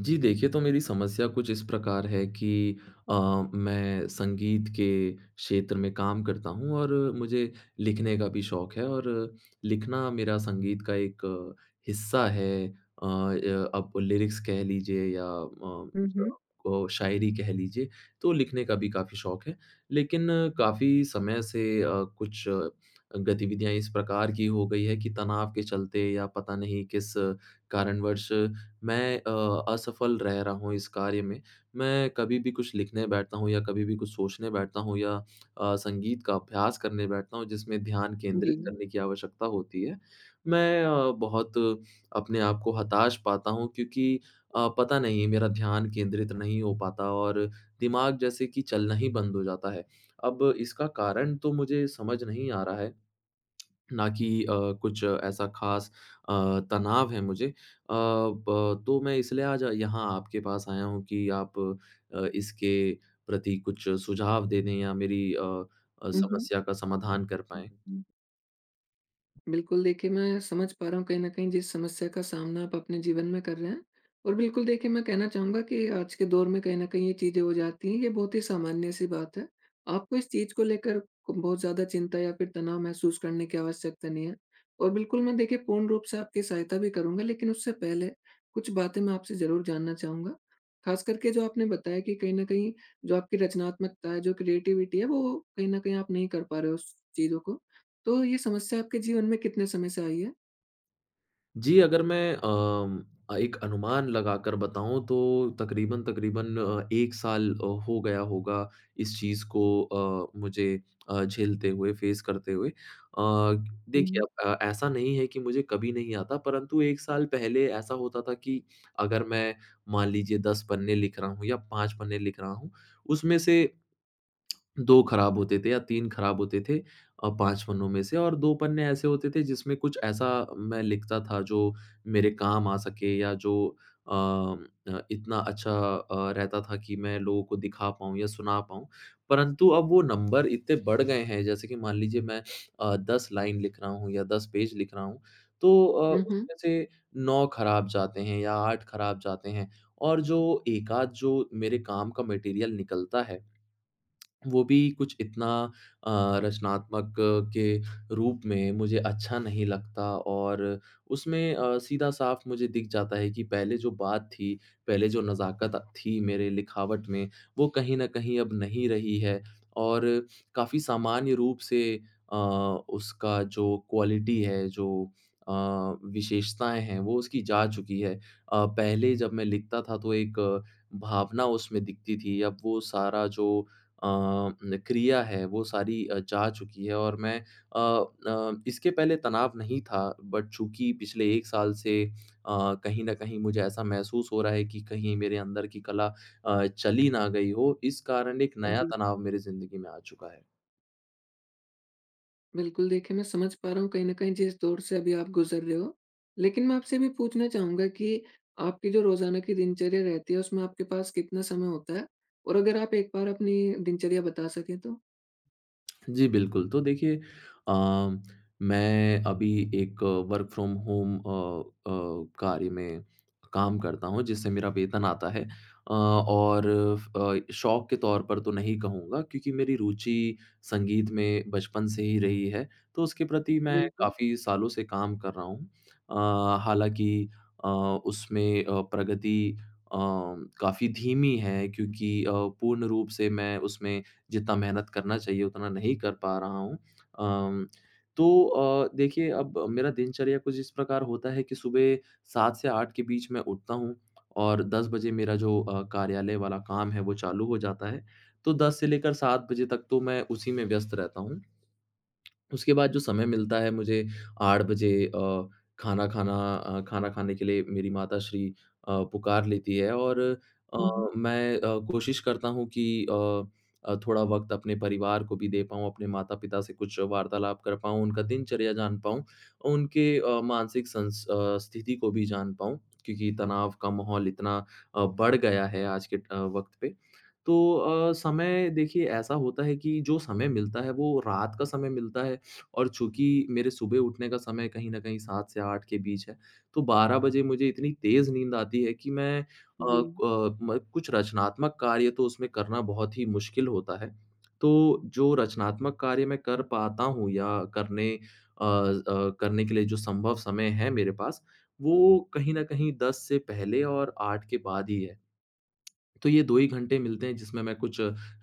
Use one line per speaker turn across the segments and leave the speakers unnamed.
जी, देखिए तो मेरी समस्या कुछ इस प्रकार है कि अ, मैं संगीत के क्षेत्र में काम करता हूँ और मुझे लिखने का भी शौक है और लिखना मेरा संगीत का एक हिस्सा है। अ, अब लिरिक्स कह लीजिए या अ,
हुँ, हुँ।
जो अ, शायरी कह लीजिए तो लिखने का भी काफ़ी शौक है। लेकिन काफ़ी समय से अ, कुछ अ, गतिविधियाँ इस प्रकार की हो गई हैं कि तनाव के चलते या पता नहीं किस कारणवश मैं अ, असफ़ल रह रहा हूँ इस कार्य में। मैं कभी भी कुछ लिखने बैठता हूँ या कभी भी कुछ सोचने बैठता हूँ या अ, संगीत का अभ्यास करने बैठता हूँ, जिसमें ध्यान केंद्रित
जी।
करने की आवश्यकता होती है। मैं अ, बहुत अपने आप को हताश पाता हूँ क्योंकि अ, पता नहीं मेरा ध्यान केंद्रित नहीं हो पाता और दिमाग जैसे कि चलना ही बंद हो जाता है। अब इसका कारण तो मुझे समझ नहीं आ रहा है। ना कि अ, कुछ ऐसा ख़ास अ, तनाव है मुझे। अ, ब तो मैं इसलिए आज यहाँ आपके पास आया हूँ कि आप अ, इसके प्रति कुछ सुझाव दे दें या मेरी अ अ,
हुँ, हुँ।
समस्या का समाधान कर
हुँ,
पाएँ।
हुँ। बिल्कुल, देखिए मैं समझ पा रहा हूँ कहीं न कहीं जिस समस्या का सामना आप अपने जीवन में कर रहे हैं। और बिल्कुल देखिए मैं कहना चाहूँगा कि आज के दौर में कहीं न कहीं ये चीज़ें हो जाती हैं ये बहुत ही सामान्य-सी बात है। आपको इस चीज़ को लेकर बहुत ज़्यादा चिंता या फ़िर तनाव महसूस करने की आवश्यकता नहीं है। और बिल्कुल मैं देखिए पूर्ण रूप से आपकी सहायता भी करूँगा लेकिन उससे पहले कुछ बातें मैं आपसे ज़रूर जानना चाहूँगा। ख़ास करके जो आपने बताया कि कहीं न कहीं जो आपकी रचनात्मकता है जो क्रिएटिविटी है वो कहीं न कहीं आप नहीं कर पा रहे हो उस चीज़ों को। तो ये समस्या आपके जीवन में कितने समय से आई है?
जी, अगर मैं अम अ, एक अनुमान लगाकर बताऊँ तो तकरीबन-तकरीबन अ, 1 साल अ, हो गया होगा इस चीज़ को अ, मुझे अ, झेलते हुए फेस करते हुए। अ,
हुँ,
देखिए
हुँ।
अब ऐसा नहीं है कि मुझे कभी नहीं आता परंतु 1 साल पहले ऐसा होता था कि अगर मैं मान लीजिए 10 पन्ने लिख रहा हूँ या 5 पन्ने लिख रहा हूँ। उसमें से 2 खराब होते थे या 3 खराब होते थे अ, 5 पन्नों में से। और 2 पन्ने ऐसे होते थे जिसमें कुछ ऐसा मैं लिखता था जो मेरे काम आ सके या जो अ, इतना अच्छा अ, रहता था कि मैं लोगों को दिखा पाऊँ या सुना पाऊँ। परंतु अब वो नंबर इतने बढ़ गए हैं जैसे कि मान लीजिए मैं अ, 10 लाइन लिख रहा हूँ या 10 पेज लिख रहा हूँ। तो अ,
हुँ, हुँ।
उसमें से 9 खराब जाते हैं या 8 खराब जाते हैं और जो 1 आध जो मेरे काम का मटेरियल निकलता है। वो भी कुछ इतना अ, रचनात्मक के रूप में मुझे अच्छा नहीं लगता। और उसमें अ, सीधा-साफ़ मुझे दिख जाता है कि पहले जो बात थी, पहले जो नज़ाकत थी मेरे लिखावट में। वो कहीं न कहीं अब नहीं रही है और काफ़ी सामान्य रूप से अ, उसका जो क्वालिटी है, जो अ, विशेषताएँ हैं, वो उसकी जा चुकी है। अ, पहले जब मैं लिखता था, तो एक भावना उसमें दिखती थी अब वो सारा जो अ, न क्रिया है, वो सारी अ, जा चुकी है। और मैं अ, न इसके पहले तनाव नहीं था, बट चूँकि पिछले 1 साल से अ, कहीं न कहीं मुझे ऐसा महसूस हो रहा है कि कहीं मेरे अंदर की कला अ, चली ना गई हो। इस कारण एक नया
जी।
तनाव मेरी ज़िंदगी में आ चुका है।
बिल्कुल, देखिए मैं समझ पा रहा हूँ, कहीं न कहीं जिस दौर से अभी आप गुज़र रहे हो। लेकिन मैं आपसे ये भी पूछना चाहूँगा कि आपकी जो रोज़ाना की दिनचर्या रहती है, उसमें आपके पास कितना समय होता है? और अगर आप एक बार अपनी दिनचर्या बता सकें तो?
जी, बिल्कुल। तो देखिए अ, मैं अभी एक वर्क फ्रॉम होम अ अ, कार्य में काम करता हूँ, जिससे मेरा वेतन आता है। अ, और फ अ, शौक के तौर पर तो नहीं कहूँगा, क्योंकि मेरी रुचि संगीत में बचपन से ही रही है, तो उसके प्रति मैं
बिल्कुल।
काफ़ी सालों से काम कर रहा हूँ। अ, हालाँकि अ, उसमें अ, प्रगति अ, काफ़ी धीमी है, क्योंकि अ, पूर्ण रूप से मैं उसमें जितना मेहनत करना चाहिए, उतना नहीं कर पा रहा हूँ। अम तो अ, देखिए, अब मेरा दिनचर्या कुछ इस प्रकार होता है कि सुबह 7 से 8 के बीच मैं उठता हूँ। और 10 बजे मेरा जो अ, कार्यालय वाला काम है, वो चालू हो जाता है। तो 10 से लेकर 7 बजे तक तो मैं उसी में व्यस्त रहता हूँ। उसके बाद, जो समय मिलता है, मुझे 8 बजे अ, खाना खाना अ, खाना खाने के लिए मेरी माताश्री अ, पुकार लेती हैं। और अ,
हुँ, हुँ।
मैं अ, कोशिश करता हूँ कि अ अ, थोड़ा वक़्त अपने परिवार को भी दे पाऊँ, अपने माता-पिता से कुछ वार्तालाप कर पाऊँ, उनका दिनचर्या जान पाऊँ। उनके अ, मानसिक संस अ, स्थिति को भी जान पाऊँ, क्योंकि तनाव का माहौल इतना अ, बढ़ गया है, आज के अ, वक़्त पे। तो अ, समय देखिए, ऐसा होता है कि जो समय मिलता है, वो रात का समय मिलता है, और चूँकि मेरे सुबह उठने का समय कहीं न कहीं 7 से 8 के बीच है। तो 12 बजे मुझे इतनी तेज़ नींद आती है कि मैं अ
जी।
अ, म कुछ रचनात्मक कार्य तो उसमें करना बहुत ही मुश्किल होता है। तो जो रचनात्मक कार्य मैं कर पाता हूँ, या करने अ अ, करने के लिए, जो संभव समय है मेरे पास, वो कहीं न कहीं 10 से पहले और 8 के बाद ही है। तो ये 2 ही घंटे मिलते हैं, जिसमें मैं कुछ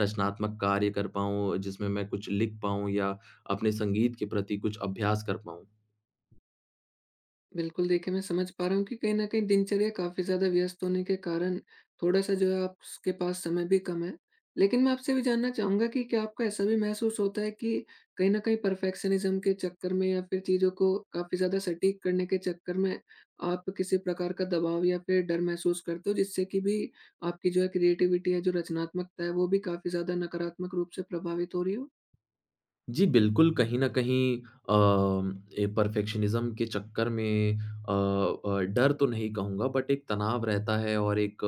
रचनात्मक कार्य कर पाऊँ, जिसमें मैं कुछ लिख पाऊँ, या अपने संगीत के प्रति कुछ अभ्यास कर पाऊँ।
बिल्कुल, देखिए मैं समझ पा रहा हूँ कि कहीं न कहीं दिनचर्या काफ़ी ज़्यादा व्यस्त होने के कारण थोड़ा-सा जो है आप स के पास समय भी कम है। लेकिन मैं आपसे ये भी जानना चाहूँगा कि क्या आपको ऐसा भी महसूस होता है कि कहीं न कहीं परफेक्शनिज़्म के चक्कर में। या फ़िर चीज़ों को काफ़ी ज़्यादा सटीक करने के चक्कर में आप किसी प्रकार का दबाव या फ़िर डर महसूस करते हो। जिससे कि भी आपकी जो है क्रिएटिविटी है, जो रचनात्मकता है। वो भी काफ़ी ज़्यादा नकारात्मक रूप से प्रभावित हो रही हो?
जी, बिल्कुल कहीं न कहीं अ, ए परफेक्शनिज़्म के चक्कर में अ अ, डर तो नहीं कहूँगा। बट एक तनाव रहता है और एक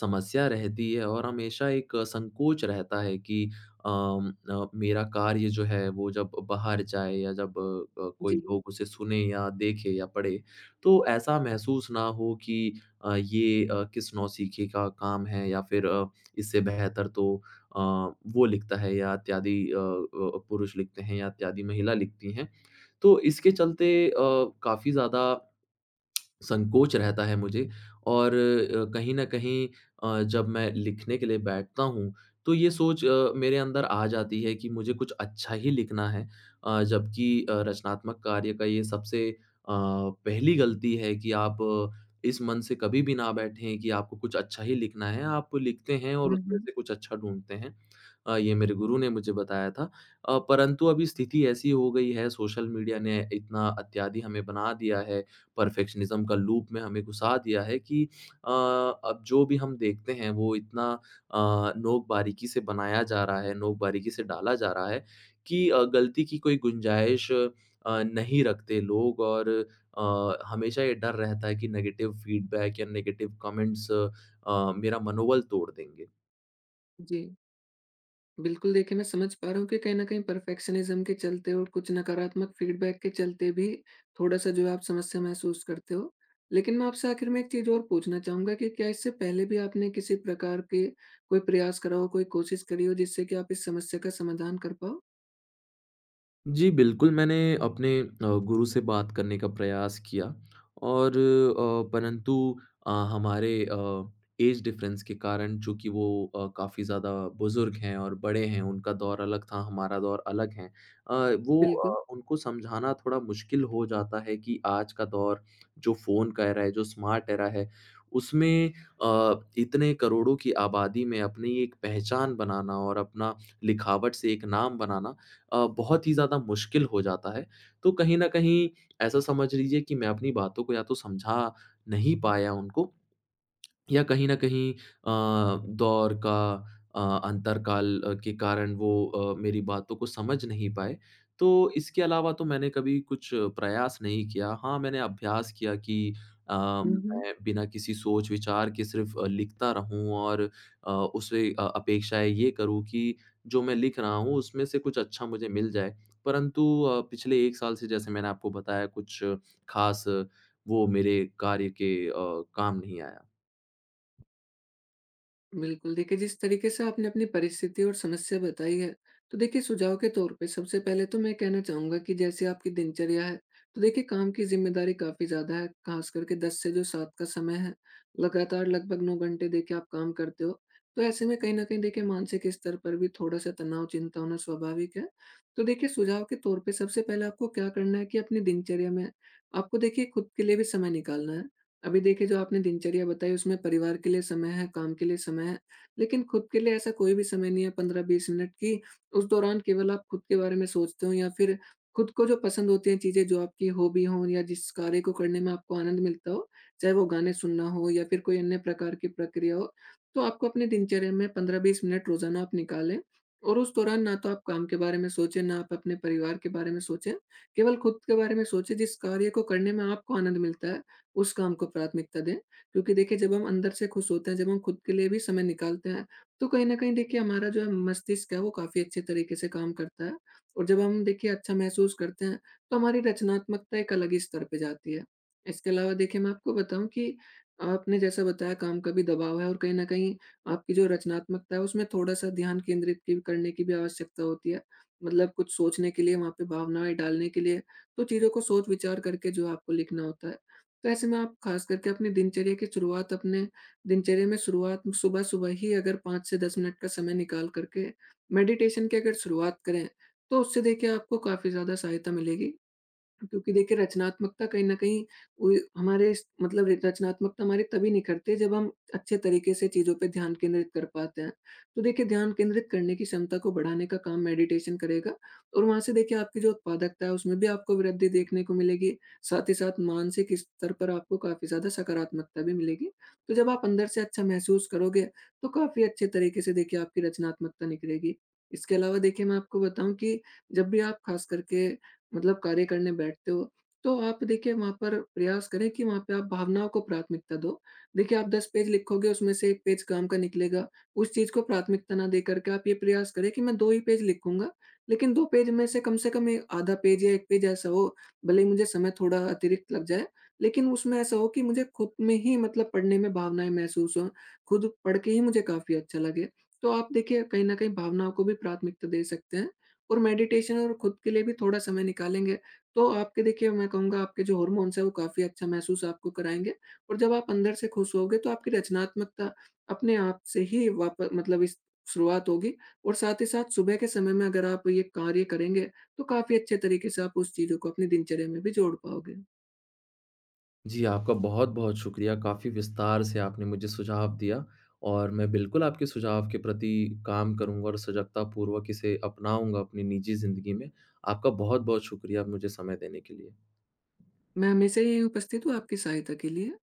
समस्या रहती है और हमेशा एक संकोच रहता है कि अ अ, मेरा कार्य जो है वो जब बाहर जाए या जब अ, कोई
जी।
लोग उसे सुने या देखे या पढ़े। तो ऐसा महसूस ना हो कि अ, ये अ, किस नौसिखे का काम है या फ़िर अ, इससे बेहतर तो अ, वो लिखता है या इत्यादि अ अ, पुरुष लिखते हैं या इत्यादि महिला लिखती हैं। तो इसके चलते अ, काफ़ी ज़्यादा संकोच रहता है मुझे और अ, कहीं न कहीं अ, जब मैं लिखने के लिए बैठता हूँ। तो ये सोच अ, मेरे अंदर आ जाती है कि मुझे कुछ अच्छा ही लिखना है। अ, जबकि अ, रचनात्मक कार्य का ये सबसे अ, पहली गलती है कि आप इस मन से कभी भी ना बैठे हैं कि आपको कुछ अच्छा ही लिखना है। आप लिखते हैं और
हुँ,
उसमें
हुँ।
से कुछ अच्छा ढूँढते हैं अ, ये मेरे गुरु ने मुझे बताया था। अ, परंतु अभी स्थिति ऐसी ही हो गई है सोशल मीडिया ने इतना इत्यादि हमें बना दिया है। परफेक्शनिज़्म का लूप में हमें गुस्सा दिया है कि अ, अब जो भी हम देखते हैं। वो इतना अ, नोक-बारीकी से बनाया जा रहा है, नोक-बारीकी से डाला जा रहा है कि अ, गलती की कोई गुंजाइश अ, नहीं रखते लोग। और अ, हमेशा ये डर रहता है कि नेगेटिव फीडबैक या नेगेटिव कमेंट्स अ, मेरा मनोबल तोड़ देंगे।
जी। बिल्कुल, देखिए मैं समझ पा रहा हूँ कि कहीं न कहीं परफेक्शनिज़्म के चलते और कुछ नकारात्मक फीडबैक के चलते भी थोड़ा-सा जो आप समस्या महसूस करते हो। लेकिन मैं आपसे आखिर में एक चीज़ और पूछना चाहूँगा कि क्या इससे पहले भी आपने किसी प्रकार के कोई प्रयास करा हो, कोई कोशिश करी हो। जिससे कि आप इस समस्या का समाधान कर पाओ?
जी, बिल्कुल मैंने अपने अ, गुरु से बात करने का प्रयास किया और अ, परंतु अ, हमारे अ, ऐज डिफरेंस के कारण। चूँकि वो अ, काफ़ी ज़्यादा बुज़ुर्ग हैं और बड़े हैं उनका दौर अलग था, हमारा दौर अलग है। अ, वो
बिल्कुल।
अ, उनको समझाना थोड़ा मुश्किल हो जाता है कि आज का दौर जो फ़ोन का ऐरा है जो स्मार्ट ऐरा है। उसमें अ, इतने करोड़ों की आबादी में अपनी एक पहचान बनाना और अपना लिखावट से एक नाम बनाना अ, बहुत ही ज़्यादा मुश्किल हो जाता है। तो कहीं न कहीं ऐसा समझ लीजिए कि मैं अपनी बातों को या तो समझा नहीं पाया उनको। या कहीं न कहीं अ, दौर का अ, अंतर काल के कारण वो अ, मेरी बातों को समझ नहीं पाए। तो इसके अलावा तो मैंने कभी कुछ प्रयास नहीं किया। हाँ, मैंने अभ्यास किया कि अ,
हुँ, हुँ।
मैं बिना किसी सोच-विचार के सिर्फ अ, लिखता रहूँ। और अ, उसे अ, अपेक्षाएँ ये करूँ कि जो मैं लिख रहा हूँ उसमें से कुछ अच्छा मुझे मिल जाए। परंतु अ, पिछले 1 साल से जैसे मैंने आपको बताया कुछ खास वो मेरे कार्य के अ, काम नहीं आया।
बिल्कुल, देखिए जिस तरीके से आपने अपनी परिस्थिति और समस्या बताई है। तो देखिए सुझाव के तौर पे सबसे पहले तो मैं कहना चाहूँगा कि जैसे आपकी दिनचर्या है। तो देखिए काम की ज़िम्मेदारी काफ़ी ज़्यादा है। ख़ास करके 10 से जो 7 का समय है लगातार, लगभग 9 घंटे देखिए आप काम करते हो। तो ऐसे में कहीं न कहीं देखिए मानसिक स्तर पर भी थोड़ा-सा तनाव, चिंता होना स्वाभाविक है। तो देखिए सुझाव के तौर पे सबसे पहले आपको क्या करना है कि अपने दिनचर्या में आपको देखिए खुद के लिए भी समय निकालना है। अभी देखिए जो आपने दिनचर्या बताई उसमें परिवार के लिए समय है, काम के लिए समय है। लेकिन खुद के लिए ऐसा कोई भी समय नहीं है 15-20 मिनट कि उस दौरान केवल आप खुद के बारे में सोचते हो या फ़िर खुद को जो पसंद होती हैं चीज़ें जो आपकी हॉबी हो या जिस कार्य को करने में आपको आनंद मिलता हो। चाहे वो गाने सुनना हो या फ़िर कोई अन्य प्रकार की प्रक्रिया हो। तो आपको अपने दिनचर्या में 15-20 मिनट रोज़ाना आप निकालें। और उस दौरान ना तो आप काम के बारे में सोचें, ना आप अपने परिवार के बारे में सोचें केवल खुद के बारे में सोचें। जिस कार्य को करने में आपको आनंद मिलता है उस काम को प्राथमिकता दें। क्योंकि देखिए जब हम अंदर से खुश होते हैं, जब हम खुद के लिए भी समय निकालते हैं तो कहीं न कहीं देखिए हमारा जो है मस्तिष्क है वो काफ़ी अच्छे तरीके से काम करता है। और जब हम देखिए अच्छा महसूस करते हैं तो हमारी रचनात्मकता एक अलग ही स्तर पे जाती है। इसके अलावा देखिए मैं आपको बताऊँ कि आपने जैसा बताया काम का भी दबाव है और कहीं न कहीं आपकी जो रचनात्मकता है। उसमें थोड़ा-सा ध्यान केंद्रित की करने की भी आवश्यकता होती है। मतलब कुछ सोचने के लिए, वहाँ पे भावनाएँ डालने के लिए तो चीज़ों को सोच-विचार करके जो आपको लिखना होता है। तो ऐसे में आप ख़ास करके अपनी दिनचर्या की शुरुआत अपने दिनचर्या में शुरुआत सुबह-सुबह ही अगर 5 से 10 मिनट का समय निकाल कर के मेडिटेशन की अगर शुरुआत करें। तो उससे देखिए आपको काफ़ी ज़्यादा सहायता मिलेगी। क्योंकि देखिए रचनात्मकता कहीं न कहीं उ हमारे स मतलब एक रचनात्मकता हमारे तभी निखरते हैं जब हम अच्छे तरीके से चीज़ों पे ध्यान केंद्रित कर पाते हैं। तो देखिए ध्यान केंद्रित करने की क्षमता को बढ़ाने का काम मेडिटेशन करेगा। और वहाँ से देखिए आपकी जो उत्पादकता है उसमें भी आपको वृद्धि देखने को मिलेगी। साथ ही साथ मानसिक स्तर पर आपको काफ़ी ज़्यादा सकारात्मकता भी मिलेगी। तो जब आप अंदर से अच्छा महसूस करोगे तो काफ़ी अच्छे तरीके से देखिए आपकी रचनात्मकता निखरेगी। इसके अलावा देखिए मैं आपको बताऊँ कि जब भी आप खास करके मतलब कार्य करने बैठते हो तो आप देखिए वहाँ पर प्रयास करें कि वहाँ पे आप भावनाओं को प्राथमिकता दो। देखिए आप 10 पेज लिखोगे उसमें से 1 पेज काम का निकलेगा। उस चीज़ को प्राथमिकता ना देकर के आप ये प्रयास करें कि मैं 2 ही पेज लिखूँगा। लेकिन 2 पेज में से कम से कम में आधा पेज या 1 पेज ऐसा हो भले ही मुझे समय थोड़ा अतिरिक्त लग जाए। लेकिन उसमें ऐसा हो कि मुझे खुद में ही मतलब पढ़ने में भावनाएँ महसूस हों। खुद पढ़ के ही मुझे काफ़ी अच्छा लगे। तो आप देखिए कहीं न कहीं भावनाओं को भी प्राथमिकता दे सकते हैं। और मेडिटेशन और खुद के लिए भी थोड़ा समय निकालेंगे तो आपके देखिए मैं कहूँगा आपके जो हार्मोन्स हैं वो काफ़ी अच्छा महसूस आपको कराएँगे। और जब आप अंदर से खुश हो गए तो आपकी रचनात्मकता अपने आप से ही वाप मतलब इस शुरुआत होगी। और साथ ही साथ सुबह के समय में अगर आप ये कार्य करेंगे। तो काफ़ी अच्छे तरीके से आप उस चीज़ों को अपनी दिनचर्या में भी जोड़ पाओगे।
जी, आपका बहुत-बहुत शुक्रिया। काफ़ी विस्तार से आपने मुझे सुझाव दिया और मैं बिल्कुल आपके सुझाव के प्रति काम करूँगा और सजगतापूर्वक इसे अपनाऊँगा अपनी निजी ज़िंदगी में। आपका बहुत-बहुत शुक्रिया मुझे समय देने के लिए।
मैं हमेशा यहीं उपस्थित हूँ आपकी सहायता के लिए।